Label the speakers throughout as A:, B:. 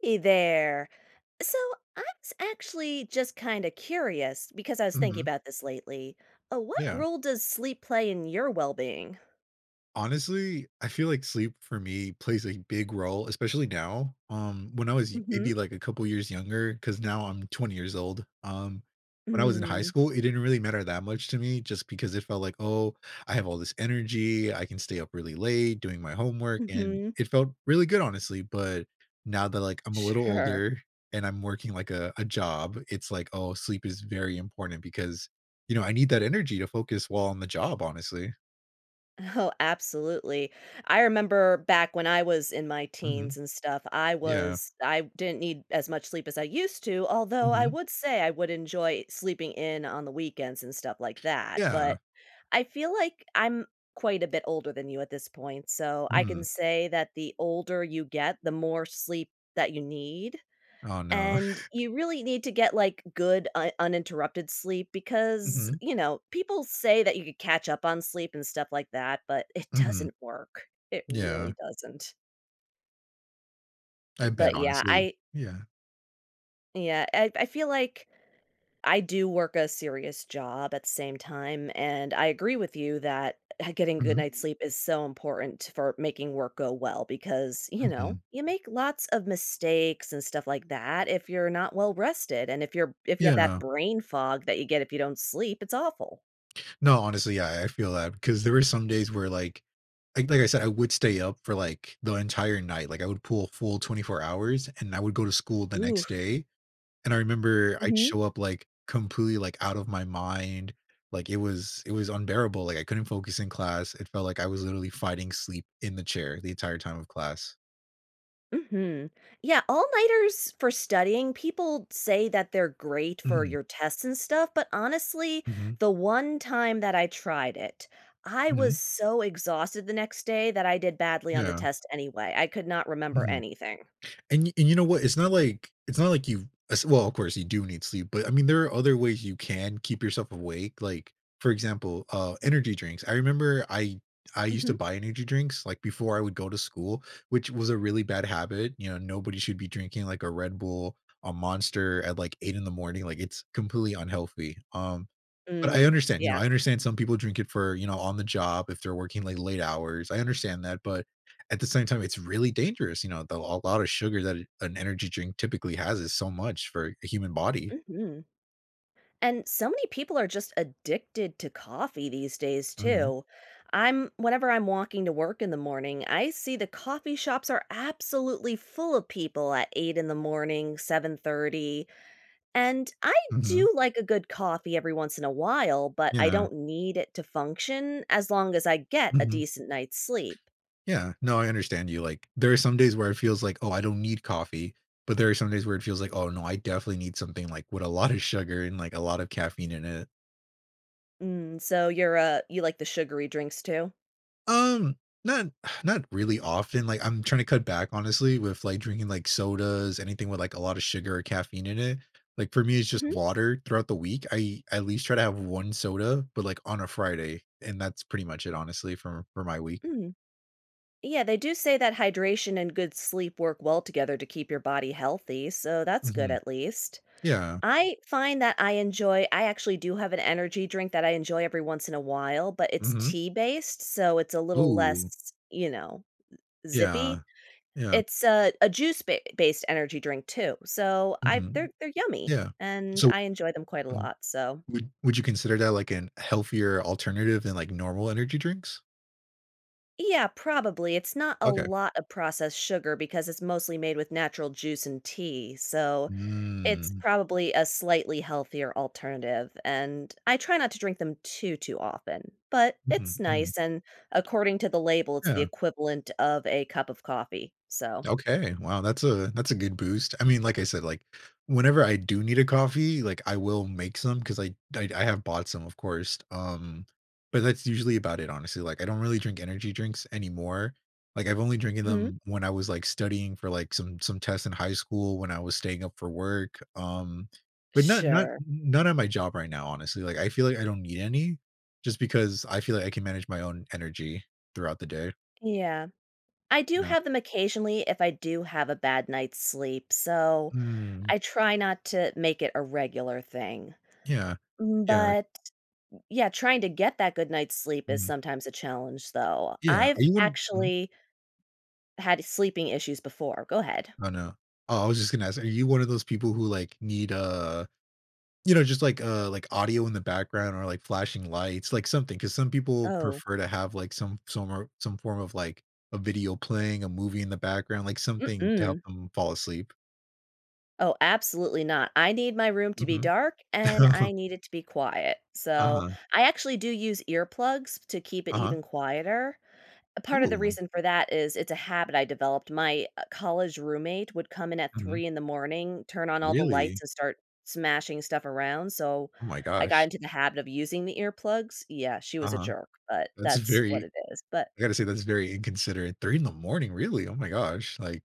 A: Hey there. So I was actually just kinda curious, because I was thinking
B: Mhm.
A: about this lately. Uh, what
B: Yeah.
A: role does sleep play in your well-being?
B: Honestly, I feel like sleep for me plays a big role, especially now, um, when I was i maybe,
A: Mhm.
B: like, a couple years younger, 'cause now I'm 20 years old. Um, when I was in high
A: Mm.
B: school, it didn't really matter that much to me just because it felt like, "Oh, I have all this energy. I can stay up really late doing my homework," and
A: Mhm.
B: it felt really good, honestly, but now that, like, I'm a little
A: Sure.
B: older and I'm working, like, a a job, it's like, "Oh, sleep is very important," because, you know, I need that energy to focus while on the job, honestly.
A: Oh, absolutely. I remember back when I was in my
B: Mhm.
A: teens and stuff, I
B: Yeah.
A: was I didn't need as much sleep as I used to, although I
B: Mhm.
A: would say, I would enjoy sleeping in on the weekends and stuff like that,
B: Yeah.
A: but I feel like I'm quite a bit older than you at this point, so I can
B: Mhm.
A: say that the older you get, the more sleep that you need,
B: Oh, no.
A: and you really need to get, like, good un uninterrupted sleep because,
B: Mhm.
A: you know, people say that you could catch up on sleep and stuff like that, but it
B: Mhm.
A: doesn't work. It
B: Yeah.
A: really doesn't.
B: I
A: Mm,
B: bet,
A: but yeah,
B: honestly.
A: I
B: Yeah.
A: Yeah, I I feel like I do work a serious job, at the same time, and I agree with you that, uh, getting good
B: Mhm.
A: night's sleep is so important for making work go well, because, you know,
B: Mhm.
A: you make lots of mistakes and stuff like that if you're not well-rested, and if you're b if you have that
B: Yeah.
A: brain fog that you get if you don't sleep, it's awful.
B: No, honestly. Yeah, I I feel that because there is some days where, like, like like I said, I would stay up for, like, the entire night. Like, I would pull a full 24 hours, and I would go to school the next
A: Oof.
B: day, and I remember, I'd
A: Mhm.
B: show up, like, completely, like, out of my mind, like, it was it was unbearable, like, I couldn't focus in class, it felt like I was literally fighting sleep in the chair the entire time of class.
A: Mhm. Yeah, all-nighters for studying, people say that they're great for
B: Mhm.
A: your tests and stuff, but, honestly,
B: Mhm.
A: the one time that I tried it, I
B: Mhm.
A: was so exhausted the next day that I did badly on the
B: Yeah.
A: test anyway. I could not remember
B: Mhm.
A: anything.
B: And you and you know what it's not like it's not like you've as well, of course, you do need sleep, but, I mean, there are other ways you can keep yourself awake, like, for example, uh, energy drinks. I remember I I used to
A: Mhm.
B: buy energy drinks, like, before I would go to school, which was a really bad habit, you know, nobody should be drinking, like, a Red Bull, a Monster at, like, 8:00 in the morning, like, it's completely unhealthy, um, but I
A: Mm,
B: understand, you know,
A: yeah.
B: I understand some people drink it for, you know, on the job if they're working, like, late hours, I understand that, but at the same time, it's really dangerous, you know, though a lot of sugar that an an energy drink typically has is so much for a human body.
A: Mhm. And so many people are just addicted to coffee these days,
B: Mhm.
A: too. I'm Whenever I'm walking to work in the morning, I see the coffee shops are absolutely full of people at 8:00 in the morning, 7:30, and, I
B: Mhm.
A: do like a good coffee every once in a while, but I
B: Yeah.
A: don't need it to function, as long as I get a
B: Mhm.
A: decent night's sleep.
B: Yeah. No, I understand you, like, there are some days where it feels like, "Oh, I don't need coffee," but there are some days where it feels like, "Oh, no, I definitely need something, like, with a lot of sugar and, like, a lot of caffeine in it."
A: Mm, so you're, uh, you like the sugary drinks too?
B: Um, not not really often, like, I'm tryna cut back honestly with, like, drinking, like, sodas, anything with, like, a lotta sugar or caffeine in it. Like, for me, it's just
A: Mhm.
B: water throughout the week, I I at least try to have 1 soda, but, like, on a Friday, and that's pretty much it honestly for for my week.
A: Mm. Yeah, they do say that hydration and good sleep work well together to keep your body healthy, so that's good
B: Mhm.
A: at least.
B: Yeah.
A: I find that I enjoy I actually do have an energy drink that I enjoy every once in a while, but its
B: Mhm.
A: tea based, so it's a little
B: Ooh.
A: less, you know, eh,
B: Yeah.
A: zippy.
B: Yeah.
A: It's a a juice ba based energy drink too, so I
B: Mhm.
A: they're they're yummy,
B: Yeah.
A: and
B: So
A: I enjoy them quite a
B: Mhm.
A: lot, so
B: Would would you consider that, like, an healthier alternative than, like, normal energy drinks?
A: Yeah, probably. It's not a
B: Okay.
A: lot of processed sugar because it's mostly made with natural juice and tea, so it's
B: Mm.
A: probably a slightly healthier alternative, and I try not to drink them too, too often. But it's
B: Mhm, mhm.
A: nice, and according to the label, it's the
B: Yeah.
A: equivalent of a cup of coffee, so
B: Okay, wow that's a that's a good boost. I mean, like I said, like, whenever I do need a coffee, like, I will make some 'cause I I I have bought some, of course, um but that's usually about it, honestly. Like, I don't really drink energy drinks anymore. Like, I've only drinking
A: Mhm.
B: them when I was, like, studying for, like, some some tests in high school when I was staying up for work, um but not not
A: Sure.
B: n not at my job right now, honestly- like, I feel like I don't need any just because I feel like I can manage my own energy throughout the day.
A: Yeah. I do
B: Yeah.
A: have them occasionally if I do have a bad night's sleep, so
B: Mm.
A: I try not to make it a regular thing.
B: Yeah.
A: Mm,
B: Yeah.
A: but yeah, trying to get that good night's sleep is
B: Mhm.
A: sometimes a challenge, though.
B: Yeah, are
A: I've
B: you one Mhm?
A: actually had sleeping issues before. Go ahead.
B: Oh, no. Oh, I was just gonna ask, are you one of those people who, like, need a you know, just, like, a, like, audio in the background or, like, flashing lights, like, something 'cause some people
A: Oh.
B: prefer to have, like, some some or some form of, like, a video playing, a movie in the background, like, something to help
A: Mm-mm.
B: 'em fall asleep.
A: Oh, absolutely not. I need my room to be
B: Mhm.
A: dark, and I need it to be quiet. So,
B: Uh-huh.
A: I actually do use earplugs to keep it
B: Uh-huh.
A: even quieter. A part of the
B: Ooh.
A: reason for that is, it's a habit I developed. My, uh, college roommate would come in at
B: Mhm.
A: 3 in the morning, turn on all the
B: Really?
A: lights, and start smashing stuff around. So,
B: Oh my
A: I got
B: gosh.
A: into the habit of using the earplugs. Yeah. She was a
B: Uh-huh.
A: jerk, but
B: That's
A: that's what
B: very
A: it is. But
B: I gotta say that's very inconsiderate. 3 in the morning, really? Oh my gosh. Like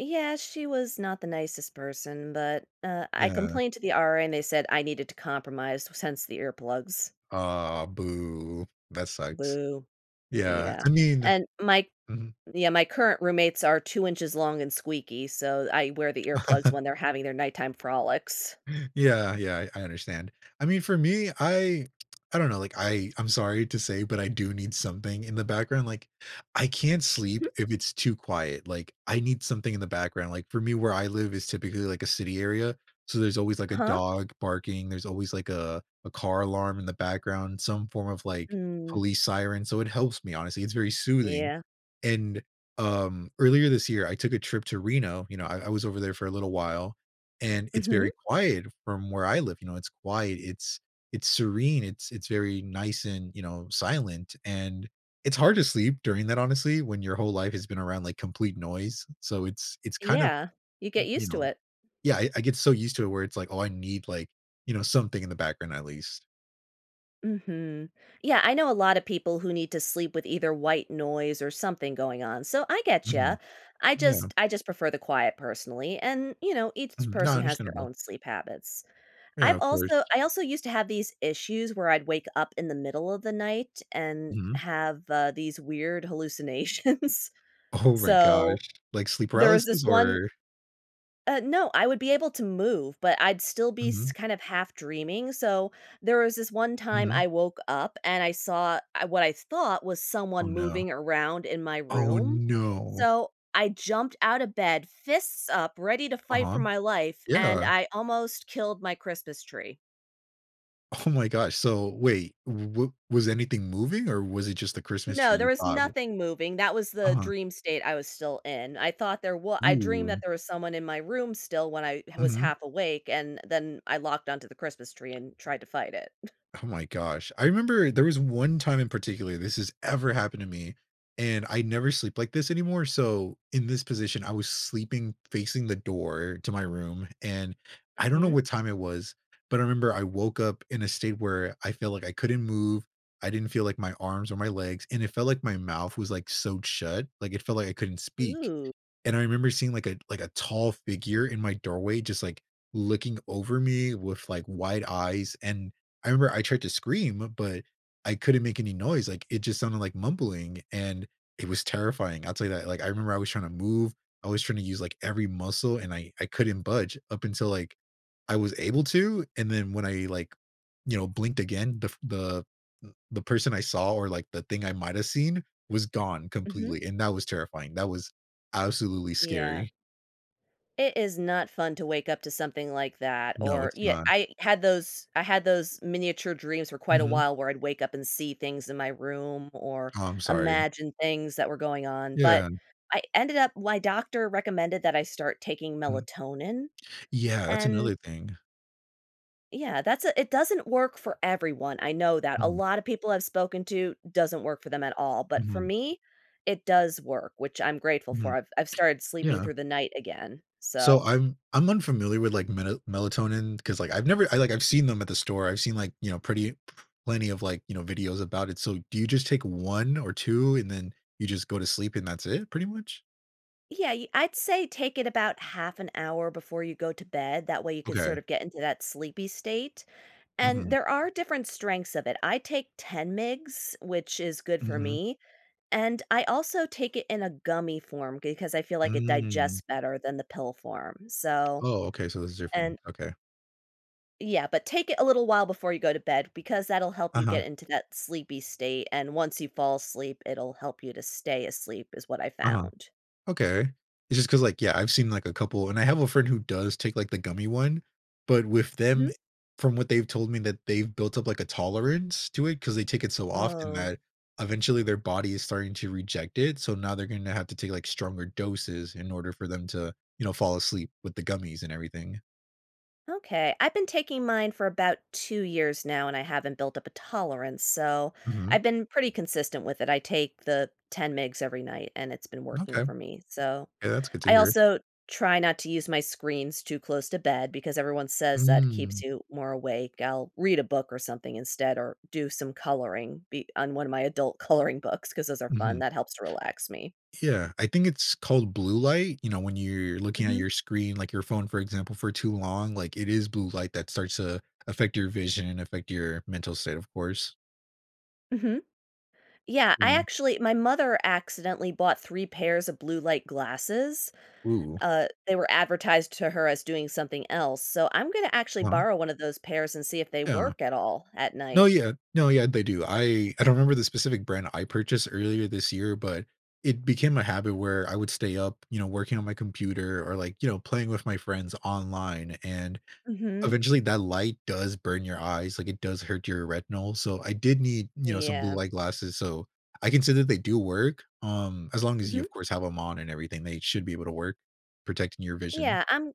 A: Yeah, she was not the nicest person, but, uh, I
B: Yeah.
A: complained to the RA, and they said I needed to compromise s hence the earplugs.
B: Aw, boo. That sucks.
A: Boo.
B: Yeah.
A: Yeah.
B: I mean
A: And my
B: Mhm.
A: yeah, my current roommates are 2 inches long and squeaky, so I wear the earplugs when they're having their nighttime frolics.
B: Yeah, yeah, I I understand. I mean, for me, I I don't know. Like, I I'm sorry to say, but I do need something in the background. Like, I can't sleep
A: Mhm.
B: if it's too quiet. Like, I need something in the background. Like, for me, where I live is typically, like, a city area. So, there's always, like, a
A: Uh-huh.
B: dog barking. There's always, like, a a car alarm in the background, some form of, like,
A: Mm.
B: police siren. So, it helps me, honestly. It's very soothing.
A: Yeah.
B: And, um, earlier this year, I took a trip to Reno. You know, I I was over there for a little while, and it's
A: Mhm.
B: very quiet from where I live. You know, it's quiet. It's it's serene. It's it's very nice and, you know, silent. And it's hard to sleep during that, honestly, when your whole life has been around, like, complete noise. So, it's it's kind of,
A: Yeah. You get
B: n you
A: used to
B: know
A: it.
B: Yeah. I I get so used to it where it's like, oh, I need, like, you know, something in the background at least.
A: Mhm. Yeah, I know a lotta people who need to sleep with either white noise or something going on, so I get ya.
B: Mhm.
A: I just
B: Yeah.
A: I just prefer the quiet personally, and, you know, each
B: Mhm, no
A: person has their
B: understandable.
A: own sleep habits.
B: Yeah,
A: I've
B: of
A: also
B: course.
A: I also used to have these issues where I'd wake up in the middle of the night and
B: Mhm.
A: have, uh, these, weird hallucinations.
B: Oh my
A: So
B: gosh. Like sleep
A: there was this
B: paralysis,
A: one
B: or
A: Uh, no I would be able to move, but I'd still be s
B: Mhm.
A: kind of half dreaming, so there was this one time
B: Mhm.
A: I woke up, and I saw ah, what I thought was
B: Oh,
A: someone
B: no.
A: moving around in my
B: Oh,
A: room,
B: no.
A: so I jumped out of bed, fists up, ready to fight
B: Uh-huh.
A: for my life, and
B: Yeah.
A: I almost killed my Christmas tree.
B: Oh my gosh, so wait w was anything moving or was it just the Christmas tree
A: No, there
B: you
A: was
B: thought w
A: nothing moving that was the
B: Uh-huh.
A: dream state I was still in, I thought there w I dreamed that
B: Ooh.
A: there was someone in my room still when I h was
B: Mhm.
A: half awake, and then I locked onto the Christmas tree and tried to fight it.
B: Oh my gosh, I remember there was one time in particular this has ever happened to me, and I never sleep like this anymore, so in this position, I was sleeping facing the door to my room, and I don't know
A: Mhm.
B: what time it was, but I remember I woke up in a state where I felt like I couldn't move. I didn't feel like my arms or my legs, and it felt like my mouth was, like, sewed shut, like, it felt like I couldn't speak.
A: Ooh.
B: And I remember seeing, like a a like, a tall figure in my doorway just, like, looking over me with, like, wide eyes, and I remember I tried to scream, but I couldn't make any noise, like, it just sounded like mumbling, and it was terrifying I'll tell you that, like, I remember I was tryna move I was tryna use, like, every muscle, and I I couldn't budge up until, like, I was able to, and then when I, like, you know, blinked again, the f the e the person I saw or, like, the thing I might have seen was gone
A: Mhm.
B: completely, and that was terrifying that was absolutely
A: Yeah.
B: scary.
A: It is not fun to wake up to something like that
B: No,
A: or
B: it's
A: ye
B: not.
A: I had those I had those miniature dreams for quite a
B: Mhm.
A: while where I'd wake up and see things in my room or
B: Oh, I'm sorry.
A: imagine things that were going on, but
B: Yeah.
A: I ended up My doctor recommended that I start taking
B: Mhm.
A: melatonin,
B: Yeah, that's
A: and
B: another thing.
A: Yeah, that's a it doesn't work for everyone, I know that. A
B: Mhm.
A: lot of people I've spoken to, doesn't work for them at all, but for
B: Mhm.
A: me, it does work, which I'm grateful
B: Mhm.
A: for. I've I've started sleeping
B: Yeah.
A: through the night again.
B: So
A: So
B: I'm I'm unfamiliar with, like, mela melatonin, 'cause, like, I've never I, like I've seen them at the store. I've seen, like, you know, pretty plenty of, like, you know, videos about it. So do you just take 1 or 2 and then you just go to sleep and that's it, pretty much?
A: Yeah, you I'd say take it about half an hour before you go to bed, that way you could
B: Okay.
A: sort of get into that sleepy state, and
B: Mhm.
A: there are different strengths of it. I take 10 mg which is good for
B: Mhm.
A: me, and I also take it in a gummy form because I feel like it
B: Mm.
A: digests better than the pill form. So,
B: Oh, okay. So this is
A: and
B: different. Okay.
A: Yeah. But take it a little while before you go to bed because that'll help you
B: Uh-huh.
A: get into that sleepy state, and once you fall asleep it'll help you to stay asleep is what I
B: Uh-huh.
A: found.
B: Okay, it's just 'cause, like, yeah, I've seen, like, a couple, and I have a friend who does take, like, the gummy one, but with
A: Mhm.
B: them e from what they've told me that they've built up, like, a tolerance to it, 'cause they take it so often
A: Oh.
B: that eventually their body is starting to reject it, so now they're gonna have to take, like, stronger doses in order for them to, you know, fall asleep with the gummies and everything.
A: Okay. I've been taking mine for about 2 years now, and I haven't built up a tolerance, so,
B: Mhm.
A: I've been pretty consistent with it, I take the 10 mg every night, and it's been working
B: Okay.
A: for me, so,
B: Yeah, that's good to
A: I
B: hear.
A: also try not to use my screens too close to bed because everyone says that keeps
B: Mm.
A: you more awake, I'll read a book or something instead, or do some coloring be on one of my adult coloring books, 'cause those are fun,
B: Mhm.
A: that helps to relax me.
B: Yeah. I think it's called blue light, you know, when you're looking at
A: Mhm.
B: your screen, like your phone, for example, for too long, like, it is blue light that starts to affect your vision and affect your mental state, of course.
A: Mhm. Yeah. I
B: Mhm.
A: actually My mother accidentally bought 3 pairs of blue-light glasses.
B: Ooh.
A: Uh, they were advertised to her as doing something else, so, I'm gonna actually
B: Wha
A: borrow one of those pairs and see if they
B: Yeah.
A: work at all, at
B: No,
A: night.
B: yeah. No, yeah, they do. I I don't remember the specific brand I purchased earlier this year, but, it became a habit where I would stay up, you know, working on my computer or, like, you know, playing with my friends online, and,
A: Mhm.
B: eventually, that light does burn your eyes, like, it does hurt your retinol, so I did need, you know, some
A: Yeah.
B: blue-light glasses, so, I consider they do work, um, as long as you,
A: Mhm.
B: of course, have them on and everything, they should be able to work- protecting your vision.
A: Yeah, I'm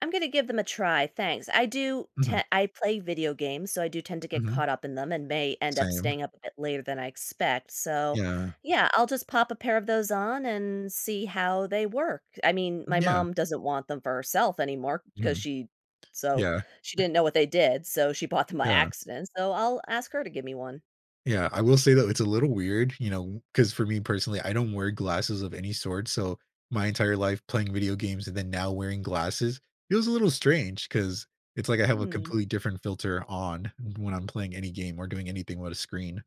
A: I'm gonna give them a try, thanks. I do te
B: Mhm.
A: I play video games, so I do tend to get
B: Mhm.
A: caught up in them and may end up
B: Same.
A: staying up a bit later than I expect. So,
B: Yeah.
A: yeah, I'll just pop a pair of those on and see how they work. I mean, my
B: Yeah.
A: mom doesn't want them for herself anymore, 'cause
B: Mhm.
A: she so,
B: Yeah.
A: she didn't know what they did, so she bought them by
B: Yeah.
A: accident. So I'll ask her to give me one.
B: Yeah, I will say though, it's a little weird, you know, 'cause for me personally, I don't wear glasses of any sort, so my entire life playing video games and then now wearing glasses, it was a little strange, 'cause it's like I have a
A: Mm.
B: completely different filter on when I'm playing any game or doing anything with a screen.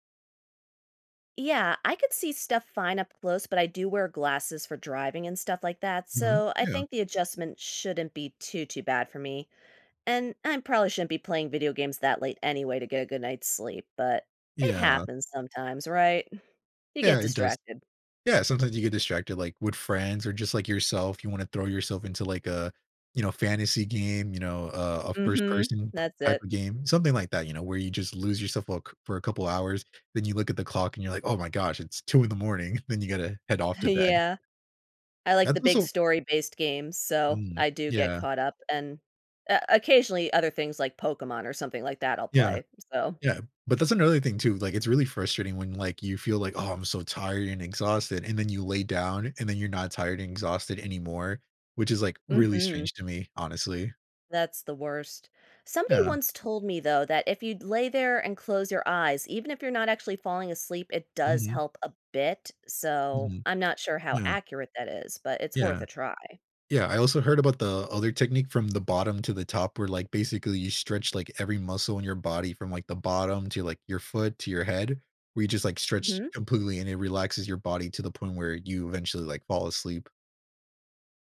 A: Yeah, I could see stuff fine up close, but I do wear glasses for driving and stuff like that,
B: Mhm,
A: so I
B: yeah.
A: think the adjustment shouldn't be too, too bad for me, and I'm probably shouldn't be playing video games that late anyway to get a good night's sleep, but it
B: Yeah.
A: happens sometimes, right? Mm. You get
B: Yeah, it does.
A: distracted.
B: Yeah sometimes you get distracted, like, with friends or just like yourself, you wanna throw yourself into, like, a you know, fantasy game, you know, a a first
A: Mhm,
B: person
A: that's
B: type
A: it.
B: of game, something like that, you know, where you just lose yourself for c a couple hours. Then you look at the clock and you're like, "Oh my gosh, it's 2:00 in the morning," then you gotta head off to bed.
A: Yeah. I like
B: That's
A: the big
B: also
A: story based games, so
B: Mhm,
A: I do get
B: yeah.
A: caught up, and, uh, occasionally, other things like Pokemon or something like that, I'll
B: Yeah.
A: play, so
B: Yeah, but that's another thing too, like, it's really frustrating when, like, you feel like, "Oh, I'm so tired and exhausted," and then you lay down, and then you're not tired and exhausted anymore, which is, like, really
A: Mhm.
B: strange to me, honestly.
A: That's the worst. Somebody
B: Yeah.
A: once told me though that if you'd lay there and close your eyes, even if you're not actually falling asleep, it does
B: Mhm.
A: help a bit. So
B: Mhm.
A: I'm not sure how
B: Yeah.
A: accurate that is, but it's worth
B: Yeah.
A: a try.
B: Yeah. I also heard about the other technique from the bottom to the top where, like, basically, you stretch, like, every muscle in your body from, like, the bottom to, like, your foot to your head where you just, like, stretch
A: Mhm.
B: completely, and it relaxes your body to the point where you eventually, like, fall asleep.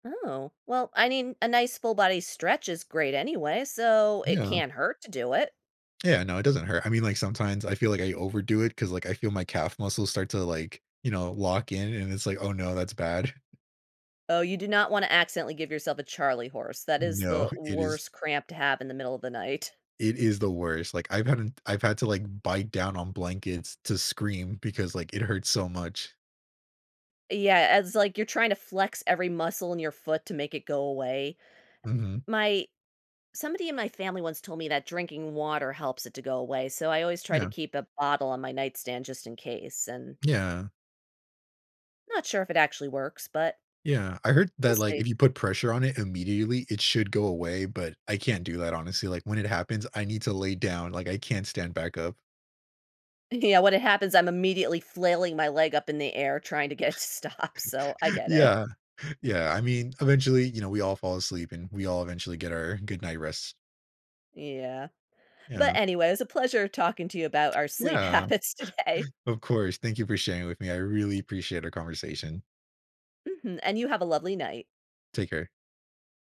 A: Oh, well, I mean, a nice full body stretch is great anyway, so it
B: Yeah.
A: can't hurt to do it.
B: Yeah. No, it doesn't hurt. I mean, like, sometimes I feel like I overdo it 'cause, like, I feel my calf muscles start to, like, you know, lock in, and it's like, "Oh, no. That's bad."
A: Oh, you do not wanna accidentally give yourself a charley horse. That is
B: No.
A: the
B: It is
A: worst cramp to have in the middle of the night.
B: It is the worst. Like, I've hadn't I've had to, like, bite down on blankets to scream because, like, it hurt so much.
A: Yeah, and it's like you're trying to flex every muscle in your foot to make it go away. Uh,
B: Mhm.
A: the My Somebody in my family once told me that drinking water helps it to go away, so I always try to
B: Yeah.
A: keep a bottle on my nightstand just in case, and
B: Yeah.
A: not sure if it actually works, but
B: Yeah. I heard
A: we'll
B: that, like,
A: see.
B: if you put pressure on it immediately, it should go away, but I can't do that, honestly, like, when it happens, I need to lay down, like, I can't stand back up.
A: Yeah, when it happens, I'm immediately flailing my leg up in the air trying to get it to stop, so I get it.
B: Yeah, yeah. I mean, eventually, you know, we all fall asleep, and we all eventually get our good night rest.
A: Yeah, but,
B: Yeah.
A: anyway, it was a pleasure talking to you about our sleep
B: Yeah,
A: habits today.
B: of course. Thank you for sharing with me. I really appreciate our conversation.
A: Mhm, and you have a lovely night.
B: Take care.